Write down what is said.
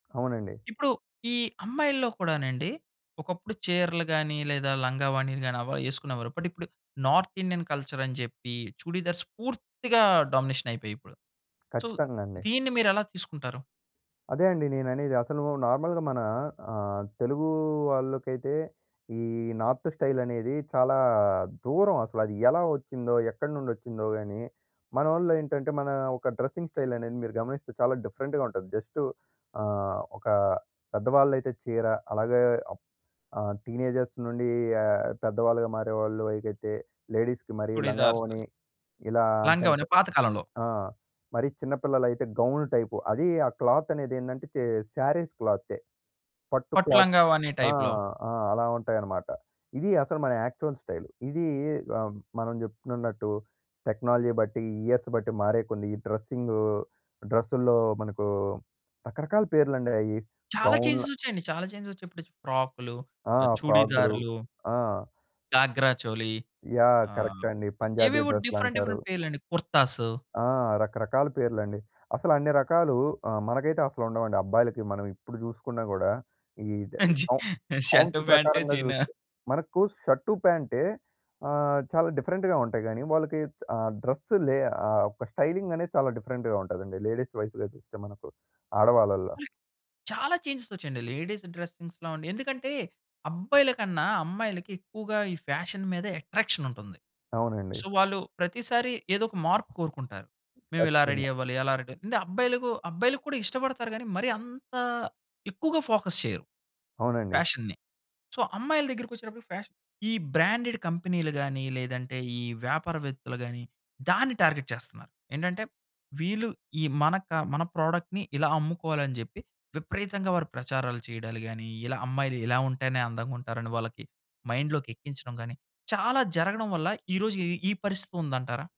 అవునండి. ఇప్పుడు, ఈ అమ్మాయిల్లో కూడానండి. ఒకప్పుడు చీరలు గానీ, లేదా లంగా ఓణీలు గానీ, అవా యేసుకునేవారు, బట్ ఇప్పుడు నార్తిండియన్ కల్చరని చెప్పీ, చుడీదార్స్ పూర్తిగా డామినేషనయిపోయాయి ఇప్పుడు. సో, ఖచ్చితంగండి. దీన్ని మీరెలా తీసుకుంటారు? అదే అండి నేననేది. అసలూ నార్మల్‌గా మనా ఆహ్, తెలుగూ వాళ్ళుకైతే, ఈ నార్త్ స్టైలనేదీ చాలా దూరం. అసలది ఎలా ఒచ్చిందో, ఎక్కడి నుండొచ్చిందో గానీ, మనోళ్ళు ఏంటంటే, మనా ఒక డ్రస్సింగ్ స్టైలనేది మీరు గమనిస్తే చాలా డిఫరెంట్‌గా ఉంటది. జస్టు ఆ! ఒకా పెద్దవాళ్ళైతే చీర, అలాగే అప్ ఆహ్, టీనేజర్స్ నుండీ ఆహ్, పెద్దవాళ్ళుగా మారేవాళ్ళు అయిగతే లేడీస్‌కి మరీ చుడీదార్స్. లంగావోణి, ఇలా లంగా ఓణీ అంటంటా పాత కాలంలో. ఆ! మరి చిన్నపిల్లలైతే గౌన్లు టైపు. అదీ, ఆ క్లాత్తనేదేందంటే చే శారీస్ క్లాత్తే. పట్టు పట్టు క్లాత్ లంగా ఓణీ ఆ! టైప్‌లో. ఆ! అలా ఉంటాయనమాట. ఇది అసలు మన యాక్చువల్ స్టైలు. ఇదీ ఆహ్, మనం చెప్పుకునున్నట్టు టెక్నాలజీ బట్టి, ఇయర్స్ బట్టి మారేయి కొన్ని, ఈ డ్రస్సింగూ. డ్రస్సుల్లో మనకూ రకరకాల పేర్లండే అయి. చాలా గౌన్ల చేంజెసొచ్చాయండి. చాలా చేంజెసొచ్చా ఇప్పుడిచ్ ఫ్రాక్‌లు, ఆ! ఫ్రాగ్‌లు, చుడీదార్లు. ఆ! ఘాగ్రా చోలీ యాహ్! ఆహ్, కరక్టే అండి. పంజాబీ ఏవేవో డిఫరెంట్ డ్రస్‌లంటారు. డిఫరెంట్ పేర్లండి. కుర్తాస్. ఆ! రకరకాల పేర్లండి. అసలు అన్ని రకాలూ, ఆహ్, మనకైతే అసలుండవండి, అబ్బాయిలకి. మనం ఇప్పుడు చూసుకున్నా గూడా, ఈ ద్ ద్ అంజి ఆవ్ కౌంట్ షర్టు, ఫాంట, ప్రకారంగా జీనా? జూస్తే మనకు షర్టు, ప్యాంటే. ఆ! చాలా డిఫరెంట్‌గా ఉంటాయి గానీ, వాళ్ళకి ఆహ్, డ్రస్సు లే ఆహ్, ఒక స్టైలింగనేది చాలా డిఫరెంట్‌గా ఉంటదండి. లేడీస్ వైస్‌గా చూస్తే మనకు, ఆడవాళ్ళల్లో. చాలా చేంజెసొచ్చాయండి. లేడీస్ డ్రసింగ్స్‌లో అండి. ఎందుకంటే, అబ్బాయిల కన్నా అమ్మాయిలకి ఎక్కువగా ఈ ఫ్యాషన్ మీద ఎట్రాక్షనుంటుంది. అవునండి. సో, వాళ్ళు ప్రతిసారి ఏదొక మార్పు కోరుకుంటారు. మేవిలా రెడీ ఖచ్చితంగా. అవ్వాలి అలా రెడీ అంటే, అబ్బాయిలకు అబ్బాయిలుకు కూడా ఇష్టపడతారు గానీ, మరీ అంత ఎక్కువగా ఫోకస్ చెయ్యరు అవునండి. ఫ్యాషన్ని. సో, అమ్మాయిల దగ్గరికొచ్చేటప్పటికి ఫ్యాషన్ ఈ బ్రాండెడ్ కంపెనీలు గానీ, లేదంటే, ఈ వ్యాపారవేత్తలు గానీ, దాన్ని టార్గెట్ చేస్తన్నారు. ఏంటంటే, వీళ్ళు ఈ మన క మన ప్రోడక్ట్‌ని ఇలా అమ్ముకోవాలని జెప్పి విపరీతంగా వారు ప్రచారాలు చెయడాలు గానీ, ఇలా అమ్మాయిలు ఇలా ఉంటేనే అందంగుంటారని వాళ్ళకి మైండ్‌లోకెక్కించడం గానీ, చాలా జరగడం వల్ల ఈ రోజు ఈ ఈ పరిస్థితి ఉందంటారా?